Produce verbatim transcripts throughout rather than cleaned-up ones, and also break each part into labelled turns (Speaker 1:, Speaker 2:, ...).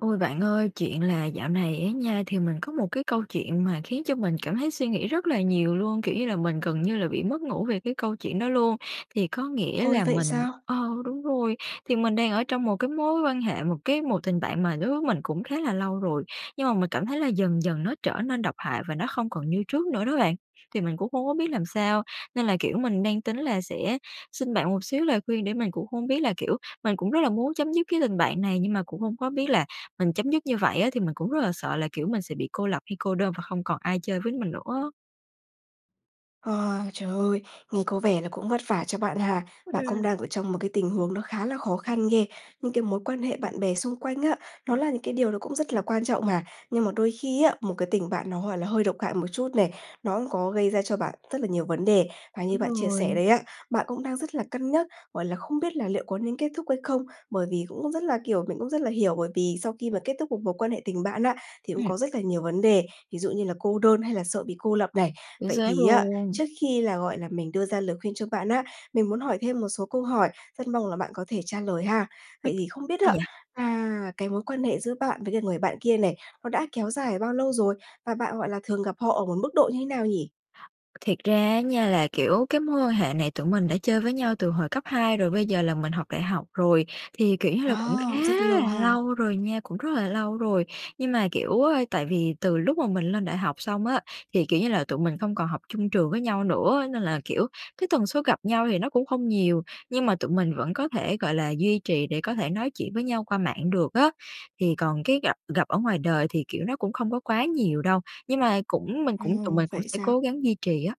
Speaker 1: Ôi, bạn ơi, chuyện là dạo này á nha, thì mình có một cái câu chuyện mà khiến cho mình cảm thấy suy nghĩ rất là nhiều luôn, kiểu như là, mình gần như là bị mất ngủ về cái câu chuyện đó luôn. Thì có nghĩa
Speaker 2: Ôi,
Speaker 1: là
Speaker 2: vậy
Speaker 1: mình
Speaker 2: sao?
Speaker 1: ờ, đúng rồi, thì mình đang ở trong một cái mối quan hệ, một cái một tình bạn mà đối với mình cũng khá là lâu rồi, nhưng mà mình cảm thấy là dần dần nó trở nên độc hại và nó không còn như trước nữa đó bạn. Thì mình cũng không có biết làm sao, nên là, kiểu, mình đang tính là sẽ xin bạn một xíu lời khuyên để mình cũng hông biết là kiểu, mình cũng rất là muốn chấm dứt cái tình bạn này, nhưng mà cũng hông có biết là mình chấm dứt như vậy á thì mình cũng rất là sợ là, kiểu, mình sẽ bị cô lập hay cô đơn và không còn ai chơi với mình nữa á.
Speaker 2: Ờ, trời ơi! Nghe có vẻ là cũng vất vả cho bạn ha. Bạn cũng
Speaker 1: Ừm.
Speaker 2: đang ở trong một cái tình huống nó khá là khó khăn ghê. Những cái mối quan hệ bạn bè xung quanh á, nó là những cái điều nó cũng rất là quan trọng mà. Nhưng mà đôi khi á, một cái tình bạn nó hoàn nó hơi độc hại một chút này, nó có gây ra cho bạn rất là nhiều vấn đề. Và như
Speaker 1: Đúng
Speaker 2: bạn chia
Speaker 1: rồi.
Speaker 2: sẻ đấy á, bạn cũng đang rất là cân nhắc, gọi là, không biết là liệu có nên kết thúc hay không bởi vì cũng rất là kiểu, mình cũng rất là hiểu, bởi vì sau khi mà kết thúc một mối quan hệ tình bạn á thì cũng
Speaker 1: Ừm.
Speaker 2: có rất là nhiều vấn đề, ví dụ như là cô đơn hay là sợ bị cô lập này.
Speaker 1: Chính
Speaker 2: Vậy
Speaker 1: xác
Speaker 2: thì á,
Speaker 1: luôn.
Speaker 2: trước khi là, gọi là, mình đưa ra lời khuyên cho bạn á, mình muốn hỏi thêm một số câu hỏi, rất mong là bạn có thể trả lời ha. Vậy thì
Speaker 1: [unintelligible]
Speaker 2: không biết
Speaker 1: Sao
Speaker 2: á,
Speaker 1: vậy?
Speaker 2: à, cái mối quan hệ giữa bạn với lại người bạn kia này, nó đã kéo dài bao lâu rồi? Và bạn, gọi là, thường gặp họ ở một mức độ như thế nào nhỉ?
Speaker 1: Thiệt ra á nha là, kiểu, cái mối quan hệ này tụi mình đã chơi với nhau từ hồi cấp hai, rồi bây giờ là mình học đại học rồi. Thì, kiểu như là, cũng khá
Speaker 2: À, rất lâu
Speaker 1: là
Speaker 2: ha!
Speaker 1: lâu rồi nha, cũng rất là lâu rồi. Nhưng mà, kiểu, tại vì từ lúc mà mình lên đại học xong á, thì, kiểu như là, tụi mình không còn học chung trường với nhau nữa, nên là, kiểu, cái tần suất gặp nhau thì nó cũng không nhiều, nhưng mà tụi mình vẫn có thể, gọi là, duy trì để có thể nói chuyện với nhau qua mạng được á. Thì còn cái gặp gặp ở ngoài đời thì, kiểu, nó cũng không có quá nhiều đâu, nhưng mà cũng mình
Speaker 2: Ờ,
Speaker 1: cũng tụi mình cũng
Speaker 2: vậy
Speaker 1: sẽ
Speaker 2: sao?
Speaker 1: cố gắng duy trì á.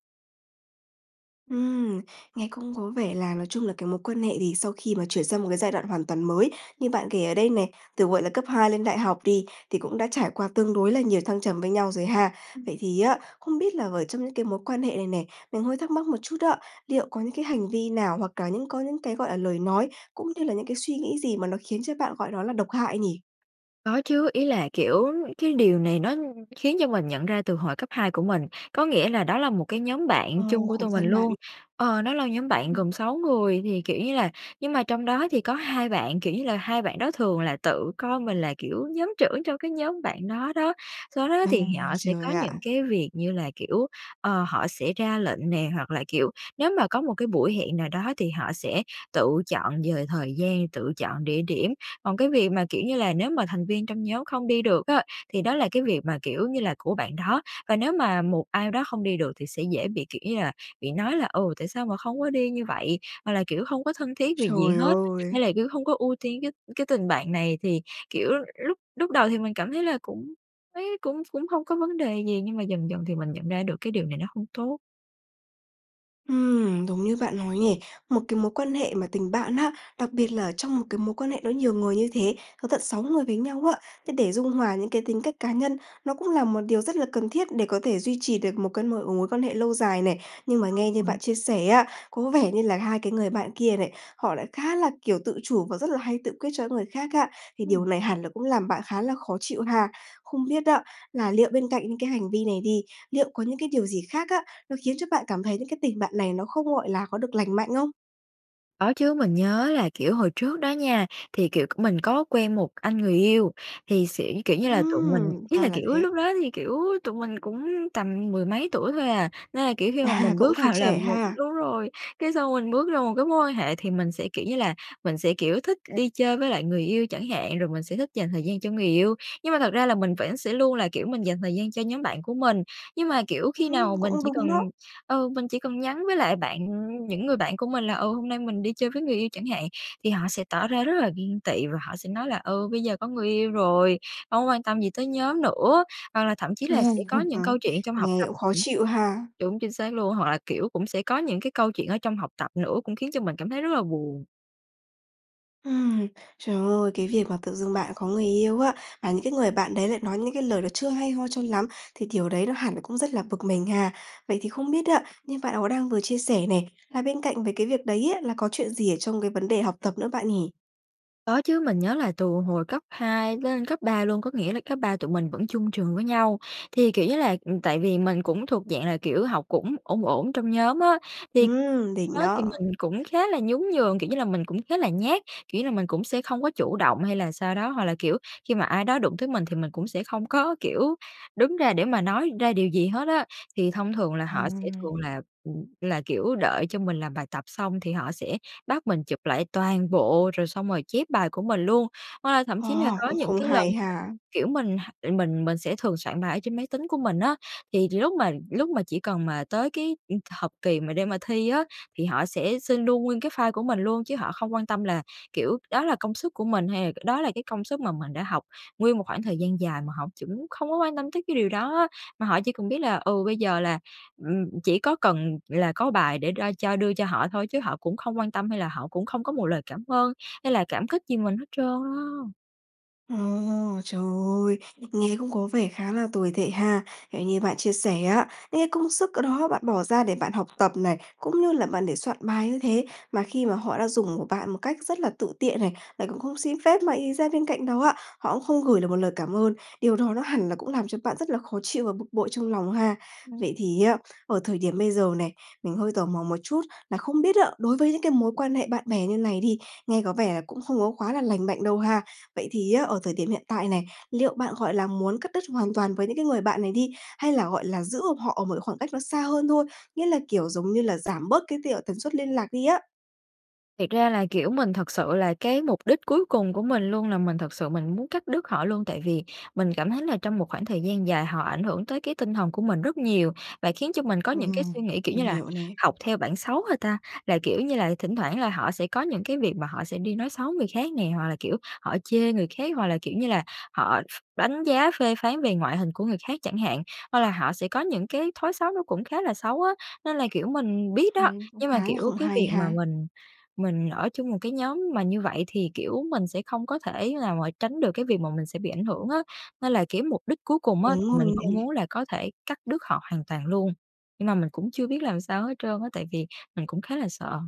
Speaker 2: Ừm, nghe cũng có vẻ là nói chung là cái mối quan hệ thì sau khi mà chuyển sang một cái giai đoạn hoàn toàn mới, như bạn kể ở đây này, từ, gọi là, cấp hai lên đại học đi, thì cũng đã trải qua tương đối là nhiều thăng trầm với nhau rồi ha.
Speaker 1: Ừm.
Speaker 2: Vậy thì á, không biết là ở trong những cái mối quan hệ này nè, mình hơi thắc mắc một chút á, liệu có những cái hành vi nào hoặc là những có những cái, gọi là, lời nói, cũng như là những cái suy nghĩ gì mà nó khiến cho bạn gọi đó là độc hại nhỉ?
Speaker 1: Có chứ, ý là, kiểu, về cái điều này nó khiến cho mình nhận ra từ hồi cấp hai của mình. Có nghĩa là đó là một cái nhóm
Speaker 2: Ờ,
Speaker 1: bạn chung của
Speaker 2: khổ
Speaker 1: tụi mình
Speaker 2: thân bạn.
Speaker 1: luôn, ờ, đó là nhóm bạn
Speaker 2: Ừm.
Speaker 1: gồm sáu người thì, kiểu như là nhưng mà trong đó thì có hai bạn, kiểu như là, hai bạn đó thường là tự coi mình là, kiểu, nhóm trưởng trong cái nhóm bạn đó đó. Do đó
Speaker 2: Ồ,
Speaker 1: thì họ sẽ
Speaker 2: trời
Speaker 1: có những
Speaker 2: ạ!
Speaker 1: cái việc như là kiểu, ờ, họ sẽ ra lệnh nè, hoặc là, kiểu, nếu mà có một cái buổi hẹn nào đó thì họ sẽ tự chọn về thời gian, tự chọn địa điểm. Còn cái việc mà, kiểu như là, nếu mà thành viên trong nhóm không đi được á, thì đó là cái việc mà, kiểu như là, của bạn đó, và nếu mà một ai đó không đi được thì sẽ dễ bị, kiểu như là, bị nói là "Ừ, tại sao mà không có đi như vậy?", hoặc là kiểu: "Hông có thân thiết vì gì
Speaker 2: Trời
Speaker 1: hết",
Speaker 2: ơi!
Speaker 1: hay là kiểu: "Hông có ưu tiên cái cái tình bạn này." Thì, kiểu, lúc lúc đầu thì mình cảm thấy là cũng thấy cũng cũng hông có vấn đề gì, nhưng mà dần dần thì mình nhận ra được cái điều này nó hông tốt.
Speaker 2: Ừm, đúng như bạn nói nhỉ? Một cái mối quan hệ mà tình bạn á, đặc biệt là ở trong một cái mối quan hệ nó nhiều người như thế, có tận sáu người với nhau á, thế để dung hòa những cái tính cách cá nhân, nó cũng là một điều rất là cần thiết để có thể duy trì được một cái m mối quan hệ lâu dài này. Nhưng
Speaker 1: Cũng
Speaker 2: mà nghe
Speaker 1: lâu
Speaker 2: như
Speaker 1: rồi.
Speaker 2: bạn chia sẻ á, có vẻ như là hai cái người bạn kia này, họ lại khá là, kiểu, tự chủ và rất là hay tự quyết cho những cái người khác á, thì điều
Speaker 1: Ừm.
Speaker 2: này hẳn là cũng làm bạn khá là khó chịu ha? Không biết á là liệu bên cạnh những cái hành vi này đi, liệu có những cái điều gì khác á, nó khiến cho bạn cảm thấy như cái tình bạn này nó không, gọi là, có được lành mạnh không?
Speaker 1: Có chứ, mình nhớ là, kiểu, hồi trước đó nha, thì, kiểu, c mình có quen một anh người yêu thì sẽ kiểu như là, tụi mình
Speaker 2: Ừm,
Speaker 1: ý
Speaker 2: ra
Speaker 1: là,
Speaker 2: là
Speaker 1: kiểu,
Speaker 2: thế.
Speaker 1: lúc đó thì, kiểu, tụi mình cũng tầm mười mấy tuổi thôi à, nên là, kiểu, khi mà
Speaker 2: À,
Speaker 1: mình bước
Speaker 2: cũng còn
Speaker 1: vào là
Speaker 2: trẻ
Speaker 1: một
Speaker 2: ha.
Speaker 1: đúng rồi, cái xong mình bước ra một cái mối quan hệ thì mình sẽ, kiểu như là, mình sẽ, kiểu, thích đi chơi với lại người yêu chẳng hạn, rồi mình sẽ thích dành thời gian cho người yêu, nhưng mà thật ra là mình vẫn sẽ luôn là, kiểu, mình dành thời gian cho nhóm bạn của mình. Nhưng mà, kiểu, khi
Speaker 2: Ưm,
Speaker 1: nào mình
Speaker 2: cũng
Speaker 1: chỉ
Speaker 2: đúng
Speaker 1: cần,
Speaker 2: đó.
Speaker 1: ờ, mình chỉ cần nhắn với lại bạn, ừm, những người bạn của mình là "Ờ, hôm nay mình đi chơi với người yêu" chẳng hạn, thì họ sẽ tỏ ra rất là ghen tị và họ sẽ nói là "Ừ, bây giờ có người yêu rồi hông có quan tâm gì tới nhóm nữa." Hoặc là thậm chí là sẽ
Speaker 2: Ừm,
Speaker 1: có những câu
Speaker 2: [unintelligible]
Speaker 1: chuyện trong học
Speaker 2: nghe
Speaker 1: tập
Speaker 2: cũng khó
Speaker 1: cũng
Speaker 2: chịu ha?
Speaker 1: đúng, chính xác luôn. Hoặc là, kiểu, cũng sẽ có những cái câu chuyện ở trong học tập nữa cũng khiến cho mình cảm thấy rất là buồn.
Speaker 2: Ừm. Trời ơi, cái việc mà tự dưng bạn có người yêu á, và những cái người bạn đấy lại nói những cái lời nó chưa hay ho cho lắm, thì điều đấy nó hẳn là cũng rất là bực mình ha. Vậy thì không biết á, như bạn có đang vừa chia sẻ này, là bên cạnh với cái việc đấy á là có chuyện gì ở trong cái vấn đề học tập nữa bạn nhỉ?
Speaker 1: Có chứ, mình nhớ là từ hồi cấp hai lên cấp ba luôn, có nghĩa là cấp ba tụi mình vẫn chung trường với nhau. Thì, kiểu như là, ừm, tại vì mình cũng thuộc dạng là, kiểu, học cũng ổn ổn trong nhóm á, thì
Speaker 2: Ừm, đỉnh
Speaker 1: đó thì
Speaker 2: đó!
Speaker 1: mình cũng khá là nhún nhường, kiểu như là, mình cũng khá là nhát, kiểu như là, mình cũng sẽ không có chủ động hay là sao đó, hoặc là, kiểu, khi mà ai đó đụng tới mình thì mình cũng sẽ không có, kiểu, đứng ra để mà nói ra điều gì hết á. Thì thông thường là họ sẽ thường
Speaker 2: Hằng.
Speaker 1: là, ừm, là, kiểu, đợi cho mình làm bài tập xong thì họ sẽ bắt mình chụp lại toàn bộ, rồi xong rồi chép bài của mình luôn. Hoặc là thậm chí là
Speaker 2: À,
Speaker 1: có
Speaker 2: cũng
Speaker 1: những
Speaker 2: không
Speaker 1: cái lần
Speaker 2: hay
Speaker 1: mà,
Speaker 2: ha.
Speaker 1: kiểu, mình h mình mình sẽ thường soạn bài ở trên máy tính của mình á, thì lúc mà lúc mà chỉ cần mà tới cái, ừm, học kỳ mà để mà thi á, thì họ sẽ xin luôn nguyên cái file của mình luôn, chứ họ không quan tâm là, kiểu, đó là công sức của mình, hay đó là cái công sức mà mình đã học nguyên một khoảng thời gian dài mà họ chững không có quan tâm tới cái điều đó á, mà họ chỉ cần biết là, ừ, bây giờ là, ừm, chỉ có cần là có bài để ro cho đưa cho họ thôi, chứ họ cũng không quan tâm hay là họ cũng không có một lời cảm ơn hay là cảm kích gì mình hết trơn á.
Speaker 2: Ồ! Trời ơi! Nghe cũng có vẻ khá là tồi tệ ha. Ng như bạn chia sẻ á, những cái công sức ở đó bạn bỏ ra để bạn học tập này, cũng như là bạn để soạn bài như thế, mà khi mà họ đã dùng của bạn một cách rất là tự tiện này, lại còn không xin phép mà ì ra bên cạnh đó á, họ cũng không gửi được một lời cảm ơn, điều đó nó hẳn là cũng làm cho bạn rất là khó chịu và bực bội trong lòng ha.
Speaker 1: Ừm.
Speaker 2: Vậy thì á, ở thời điểm bây giờ này, mình hơi tò mò một chút là không biết á đối với những cái mối quan hệ bạn bè như này đi, nghe có vẻ là cũng không có quá là lành mạnh đâu ha, vậy thì á, ở thời điểm hiện tại này, liệu bạn, gọi là, muốn cắt đứt hoàn toàn với những cái người bạn này đi hay là, gọi là, giữ họ ở một cái khoảng cách nó xa hơn thôi? Nghĩa là, kiểu, giống như là, giảm bớt cái tiệc tần suất liên lạc đi á?
Speaker 1: Thiệt ra là, kiểu, mình thật sự là cái mục đích cuối cùng của mình luôn là mình thực sự mình muốn cắt đứt họ luôn. Tại vì mình cảm thấy là trong một khoảng thời gian dài họ ảnh hưởng tới cái tinh thần của mình rất nhiều, và khiến cho mình có những cái
Speaker 2: Ừm,
Speaker 1: suy nghĩ, kiểu
Speaker 2: mình
Speaker 1: như là,
Speaker 2: hiểu nè.
Speaker 1: học theo bản xấu hả ta? Là, kiểu như là, thỉnh thoảng là họ sẽ có những cái việc mà họ sẽ đi nói xấu người khác nè, hoặc là, kiểu, họ chê người khác, hoặc là, kiểu như là, họ ph đánh giá phê phán về ngoại hình của người khác chẳng hạn, hoặc là họ sẽ có những cái thói xấu nó cũng khá là xấu á. Nên là, kiểu, mình biết đó,
Speaker 2: Ừm, cũng
Speaker 1: nhưng mà,
Speaker 2: khá là
Speaker 1: kiểu,
Speaker 2: không
Speaker 1: cái
Speaker 2: hay
Speaker 1: việc mà
Speaker 2: ha.
Speaker 1: mình mình ở chung một cái nhóm mà như vậy thì, kiểu, mình sẽ không có thể nào mà tránh được cái việc mà mình sẽ bị ảnh hưởng á. Nên là, kiểu, mục đích cuối cùng á
Speaker 2: Đúng
Speaker 1: thì mình
Speaker 2: rồi
Speaker 1: vẫn
Speaker 2: nè.
Speaker 1: muốn là có thể cắt đứt họ hoàn toàn luôn, nhưng mà mình cũng chưa biết làm sao hết trơn á tại vì mình cũng khá là sợ.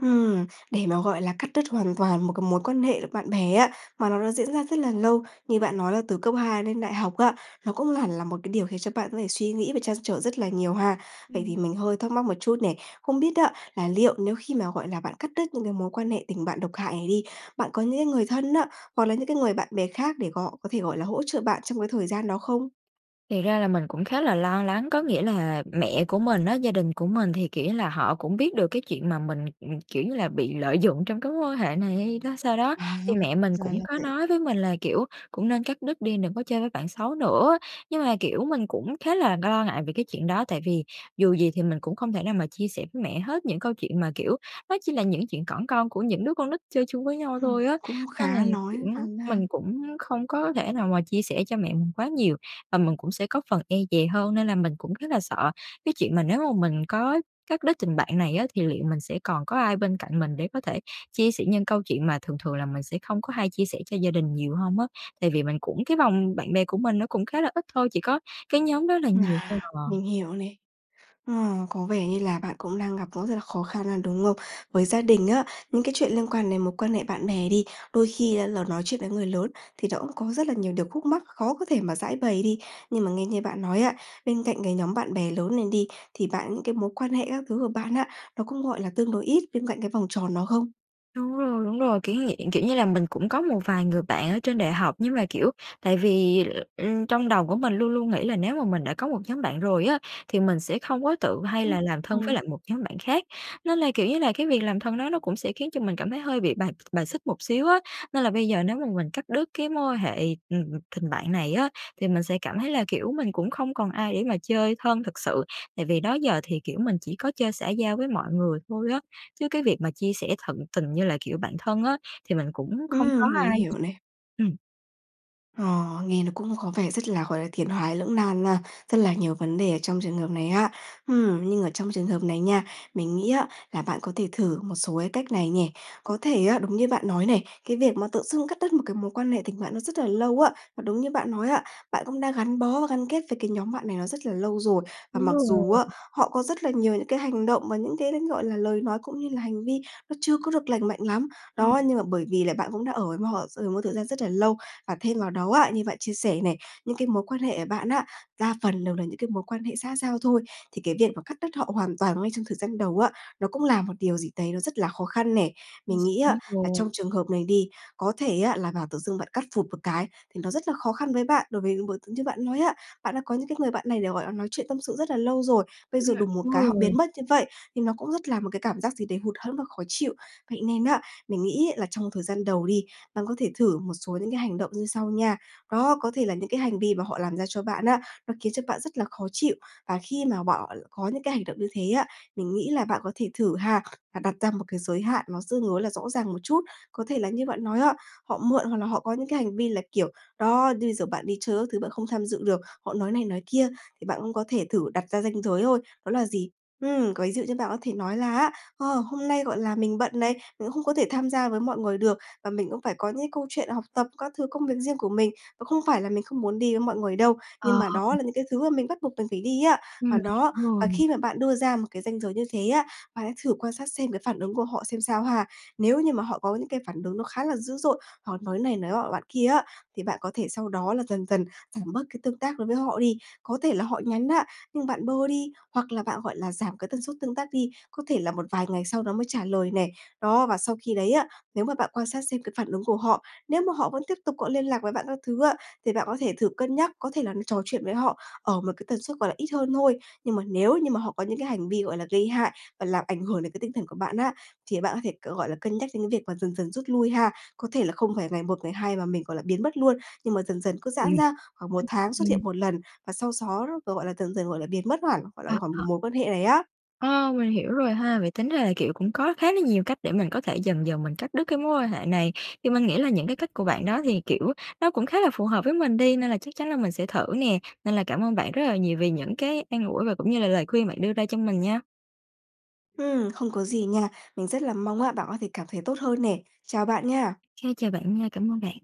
Speaker 2: Ừm, để mà, gọi là, cắt đứt hoàn toàn một cái mối quan hệ bạn bè á, mà nó đã diễn ra rất là lâu, như bạn nói là từ cấp hai lên đại học á, nó cũng hẳn là một cái điều khiến cho bạn có thể suy nghĩ và trăn trở rất là nhiều ha. Vậy
Speaker 1: Ừm.
Speaker 2: thì mình hơi thắc mắc một chút này, không biết á, là liệu nếu khi mà, gọi là, bạn cắt đứt những cái mối quan hệ tình bạn độc hại này đi, bạn có những cái người thân á, hoặc là những cái người bạn bè khác để gọ có thể, gọi là, hỗ trợ bạn trong cái thời gian đó không?
Speaker 1: Thiệt ra là mình cũng khá là lo lắng. Có nghĩa là mẹ của mình á, gia đình của mình thì, kiểu như là, họ cũng biết được cái chuyện mà mình, ừm, kiểu như là, bị lợi dụng trong cái mối quan hệ này hay đó sao đó,
Speaker 2: À,
Speaker 1: thì mẹ mình
Speaker 2: ra
Speaker 1: cũng
Speaker 2: là
Speaker 1: có
Speaker 2: vậy.
Speaker 1: nói với mình là, kiểu, cũng nên cắt đứt đi, đừng có chơi với bạn xấu nữa. Nhưng mà, kiểu, mình cũng khá là lo ngại về cái chuyện đó, tại vì dù gì thì mình cũng không thể nào mà chia sẻ với mẹ hết những câu chuyện mà, kiểu, nó chỉ là những chuyện cỏn con của những đứa con nít chơi chung với nhau
Speaker 2: Ừm,
Speaker 1: thôi á.
Speaker 2: cũng
Speaker 1: Nên là,
Speaker 2: khá
Speaker 1: kiểu,
Speaker 2: nói thẳng ra.
Speaker 1: mình cũng không có thể nào mà chia sẻ cho mẹ mình quá nhiều và mình cũng sẽ có phần e dè hơn. Nên là mình cũng rất là sợ cái chuyện mà nếu mà mình có cắt đứt tình bạn này á thì liệu mình sẽ còn có ai bên cạnh mình để có thể chia sẻ những câu chuyện mà thường thường là mình sẽ không có hay chia sẻ cho gia đình nhiều hông á. Tại vì mình cũng cái vòng bạn bè của mình nó cũng khá là ít thôi, chỉ có cái nhóm đó là nhiều thôi
Speaker 2: À, mình
Speaker 1: à.
Speaker 2: hiểu này. Ờ, có vẻ như là bạn cũng đang gặp cũng rất là khó khăn á, đúng không? Với gia đình á, những cái chuyện liên quan đến mối quan hệ bạn bè đi, đôi khi hay là nói chuyện với người lớn thì nó cũng có rất là nhiều điều khúc mắc, khó có thể mà giãi bày đi. Nhưng mà nghe như bạn nói á, bên cạnh cái nhóm bạn bè lớn lên đi, thì bạn những cái mối quan hệ các thứ của bạn á, nó cũng, gọi là, tương đối ít bên cạnh cái vòng tròn đó không?
Speaker 1: Đúng rồi, đúng rồi, kiểu như vậy. Kiểu như là, mình cũng có một vài người bạn ở trên đại học, nhưng mà, kiểu, tại vì, ừm, trong đầu của mình luôn luôn nghĩ là nếu mà mình đã có một nhóm bạn rồi á, thì mình sẽ không có tự hay
Speaker 2: Ừm,
Speaker 1: là làm thân với
Speaker 2: ừm.
Speaker 1: lại một nhóm bạn khác. Nên là, kiểu như là, cái việc làm thân đó nó cũng sẽ khiến cho mình cảm thấy hơi bị bài bài xích một xíu á. Nên là bây giờ nếu mà mình cắt đứt cái mối quan hệ, ừm, tình bạn này á, thì mình sẽ cảm thấy là, kiểu, mình cũng không còn ai để mà chơi thân thực sự. Tại vì đó giờ thì, kiểu, mình chỉ có chơi xã giao với mọi người thôi á, chứ cái việc mà chia sẻ tận tình như là, kiểu, bạn thân á thì mình cũng không có
Speaker 2: Ừm, mình
Speaker 1: ai.
Speaker 2: hiểu này.
Speaker 1: Ừm.
Speaker 2: Ờ, nghe nó cũng có vẻ rất là, gọi là, tiến thoái lưỡng nan nha, rất là nhiều vấn đề ở trong trường hợp này ha. Ừm, nhưng ở trong trường hợp này nha, mình nghĩ á, là bạn có thể thử một số cái cách này nhè. Có thể á, đúng như bạn nói này, cái việc mà tự dưng cắt đứt một cái mối quan hệ tình bạn nó rất là lâu á, và đúng như bạn nói á, bạn cũng đã gắn bó và gắn kết với cái nhóm bạn này nó rất là lâu rồi, và
Speaker 1: Đúng
Speaker 2: mặc dù
Speaker 1: rồi.
Speaker 2: á, họ có rất là nhiều những cái hành động và những cái l gọi là, lời nói cũng như là hành vi nó chưa có được lành mạnh lắm.
Speaker 1: Ừm.
Speaker 2: Đó, nhưng mà bởi vì là bạn cũng đã ở với m họ, ờ, một thời gian rất là lâu, và thêm vào đó á, như bạn chia sẻ này, những cái mối quan hệ của bạn á, đa phần đều là những cái mối quan hệ xã giao thôi, thì cái việc mà cắt đứt với họ hoàn toàn ngay trong thời gian đầu á, nó cũng là một điều gì đấy nó rất là khó khăn nè.
Speaker 1: Chính
Speaker 2: Mình
Speaker 1: xác
Speaker 2: nghĩ á là trong
Speaker 1: luôn.
Speaker 2: trường hợp này đi, có thể á là bảo tự dưng bạn cắt phụp một cái thì nó rất là khó khăn với bạn. Đối với những mối như bạn nói á, bạn đã có những cái người bạn này để, gọi là, nói chuyện tâm sự rất là lâu rồi, bây
Speaker 1: Ừm,
Speaker 2: giờ đùng một
Speaker 1: đúng
Speaker 2: cái họ
Speaker 1: rồi.
Speaker 2: biến mất như vậy, thì nó cũng rất là một cái cảm giác gì đấy hụt hẫng và khó chịu. Vậy nên á, mình nghĩ ấy là trong thời gian đầu đi, bạn có thể thử một số những cái hành động như sau nha. Đó, có thể là những cái hành vi mà họ làm ra cho bạn á nó khiến cho bạn rất là khó chịu, và khi mà bọ có những cái hành động như thế á, mình nghĩ là bạn có thể thử ha và đặt ra một cái giới hạn nó tương đối là rõ ràng một chút. Có thể là như bạn nói á, họ mượn hoặc là họ có những cái hành vi là kiểu, đó, như bây giờ bạn đi chơi các thứ bạn không tham dự được, họ nói này nói kia, thì bạn cũng có thể thử đặt ra ranh giới thôi, đó là gì? Ừm, có ví dụ như bạn có thể nói là á: "Ờ, hôm nay, gọi là, mình bận này, mình cũng không có thể tham gia với mọi người được, và mình cũng phải có những cái câu chuyện học tập, các thứ công việc riêng của mình. Và không phải là mình không muốn đi với mọi người đâu, nhưng
Speaker 1: Ờ.
Speaker 2: mà đó là những cái thứ mà mình bắt buộc mình phải đi á."
Speaker 1: Ừm,
Speaker 2: Và
Speaker 1: mình
Speaker 2: đó,
Speaker 1: hiểu
Speaker 2: và
Speaker 1: rồi.
Speaker 2: khi mà bạn đưa ra một cái ranh giới như thế á, bạn hãy thử quan sát xem cái phản ứng của họ xem sao ha. Nếu như mà họ có những cái phản ứng nó khá là dữ dội hoặc nói này nói nọ bạn kia á, thì bạn có thể sau đó là dần dần giảm bớt cái tương tác đối với họ đi. Có thể là họ nhắn á nhưng bạn bơ đi, hoặc là bạn gọi là giảm cái tần suất tương tác đi, có thể là một vài ngày sau đó mới trả lời này. Đó, và sau khi đấy á, nếu mà bạn quan sát xem cái phản ứng của họ, nếu mà họ vẫn tiếp tục có liên lạc với bạn các thứ á, thì bạn có thể thử cân nhắc, có thể là trò chuyện với họ ở một cái tần suất, gọi là, ít hơn thôi. Nhưng mà nếu như mà họ có những cái hành vi, gọi là, gây hại và làm ảnh hưởng đến cái tinh thần của bạn á, thì bạn có thể c gọi là, cân nhắc đến cái việc mà dần dần rút lui ha. Có thể là không phải ngày một ngày hai mà mình, gọi là, biến mất luôn, nhưng mà dần dần cứ
Speaker 1: Ừm,
Speaker 2: giãn ra
Speaker 1: ô
Speaker 2: khoảng một tháng xuất
Speaker 1: kê.
Speaker 2: hiện một lần, và sau xó gọi là, dần dần, gọi là, biến mất hẳn, gọi là,
Speaker 1: Ờ,
Speaker 2: khỏi cái
Speaker 1: ờ.
Speaker 2: mối quan hệ này á.
Speaker 1: Ờ, mình hiểu rồi ha. Vậy tính ra là, kiểu, cũng có khá là nhiều cách để mình có thể dần dần mình cắt đứt cái mối quan hệ này. Thì mình nghĩ là những cái cách của bạn đó thì, kiểu, nó cũng khá là phù hợp với mình đi, nên là chắc chắn là mình sẽ thử nè. Nên là cảm ơn bạn rất là nhiều vì những cái an ủi và cũng như là lời khuyên bạn đưa ra cho mình nha.
Speaker 2: Ừm, không có gì nha. Mình rất là mong á bạn có thể cảm thấy tốt hơn nè. Chào bạn nha!
Speaker 1: OK. Chào bạn nha. Cảm ơn bạn.